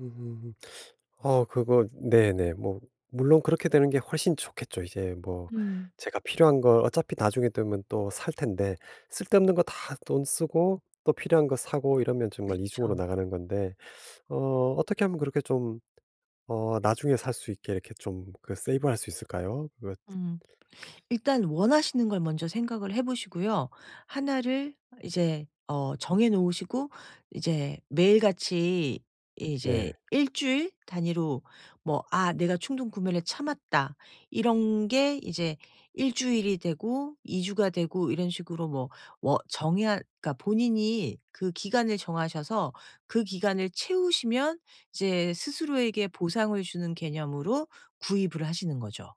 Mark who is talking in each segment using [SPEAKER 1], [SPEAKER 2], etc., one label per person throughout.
[SPEAKER 1] 음. 어 그거 네네. 뭐 물론 그렇게 되는 게 훨씬 좋겠죠. 이제 뭐
[SPEAKER 2] 음.
[SPEAKER 1] 제가 필요한 거 어차피 나중에 되면 또 살 텐데. 쓸데없는 거 다 돈 쓰고 또 필요한 거 사고 이러면 정말 이중으로
[SPEAKER 2] 그쵸.
[SPEAKER 1] 나가는 건데 어 어떻게 하면 그렇게 좀 어 나중에 살 수 있게 이렇게 좀 그 세이브할 수 있을까요? 그거
[SPEAKER 2] 음. 일단 원하시는 걸 먼저 생각을 해 보시고요. 하나를 이제 어 정해놓으시고 이제 매일같이 이제
[SPEAKER 1] 네.
[SPEAKER 2] 1 주일 단위로 뭐 '아 내가 충동구매를 참았다.' 이런 게 이제 1 주일이 되고 2 주가 되고 이런 식으로 뭐 워 정의할 그러니까 본인이 그 기간을 정하셔서 그 기간을 채우시면 이제 스스로에게 보상을 주는 개념으로 구입을 하시는 거죠.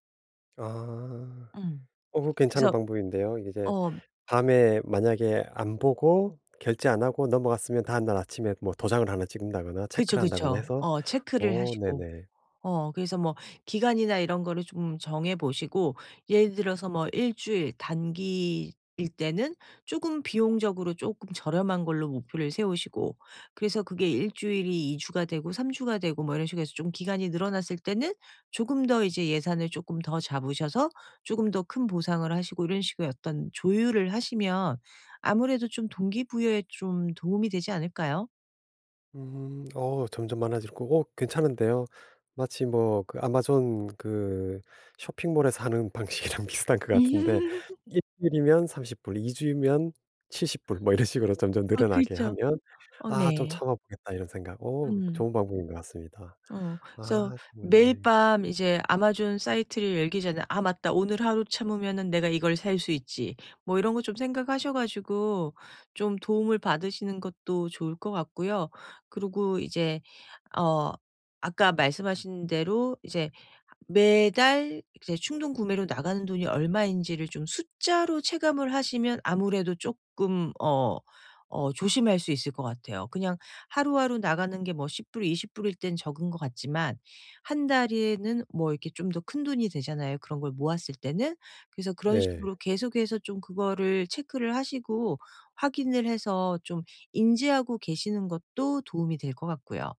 [SPEAKER 1] 아.
[SPEAKER 2] 음.
[SPEAKER 1] 어 그거 괜찮은
[SPEAKER 2] 그래서
[SPEAKER 1] 방법인데요. 이제
[SPEAKER 2] 어.
[SPEAKER 1] 밤에 만약에 안 보고 결제 안 하고 넘어갔으면 다음날 아침에 뭐 도장을 하나 찍는다거나
[SPEAKER 2] 그쵸,
[SPEAKER 1] 체크를 한다거나
[SPEAKER 2] 그쵸.
[SPEAKER 1] 해서
[SPEAKER 2] 어 체크를
[SPEAKER 1] 어
[SPEAKER 2] 하시고.
[SPEAKER 1] 네네.
[SPEAKER 2] 어 그래서 뭐 기간이나 이런 거를 좀 정해 보시고 예를 들어서 뭐 1 주일 단기일 때는 쪼금 비용적으로 쪼끔 저렴한 걸로 목표를 세우시고 그래서 그게 1 주일이 2 주가 되고 3 주가 되고 뭐 이런 식으로 해서 좀 기간이 늘어났을 때는 조금 더 이제 예산을 쪼끔 더 잡으셔서 쪼금 더 큰 보상을 하시고 이런 식으로 약간 조율을 하시면 아무래도 좀 동기부여에 좀 도움이 되지 않을까요?
[SPEAKER 1] 음. 어 점점 많아질 거고 괜찮은데요. 마치 뭐 그 아마존 그 쇼핑몰에서 하는 방식이랑 비슷한 거 같은데 1 주일이면 30 불, 2 주일이면 70 불 뭐 이런 식으로 점점
[SPEAKER 2] 아
[SPEAKER 1] 늘어나게
[SPEAKER 2] 그렇죠.
[SPEAKER 1] 하면
[SPEAKER 2] 어
[SPEAKER 1] '아 좀
[SPEAKER 2] 네.
[SPEAKER 1] 참아보겠다.' 이런 생각, 어
[SPEAKER 2] 음.
[SPEAKER 1] 좋은 방법인 것 같습니다.
[SPEAKER 2] 어 그래서
[SPEAKER 1] 아
[SPEAKER 2] 매일
[SPEAKER 1] 그렇네.
[SPEAKER 2] 밤 이제 아마존 사이트를 열기 전에 '아 맞다. 오늘 하루 참으면은 내가 이걸 살 수 있지.' 뭐 이런 거 좀 생각하셔 가지고 좀 도움을 받으시는 것도 좋을 것 같고요. 그리고 이제 어 아까 말씀하신 대로 이제 매달 이제 충동구매로 나가는 돈이 얼마인지를 좀 숫자로 체감을 하시면 아무래도 쪼끔 어 어 조심할 수 있을 것 같아요. 그냥 하루하루 나가는 게 뭐 10 불, 20 불일 땐 적은 것 같지만 1 달에는 뭐 이렇게 좀 더 큰 돈이 되잖아요, 그런 걸 모았을 때는? 그래서 그런 식으로
[SPEAKER 1] 네.
[SPEAKER 2] 계속해서 좀 그거를 체크를 하시고 확인을 해서 좀 인지하고 계시는 것도 도움이 될 것 같고요.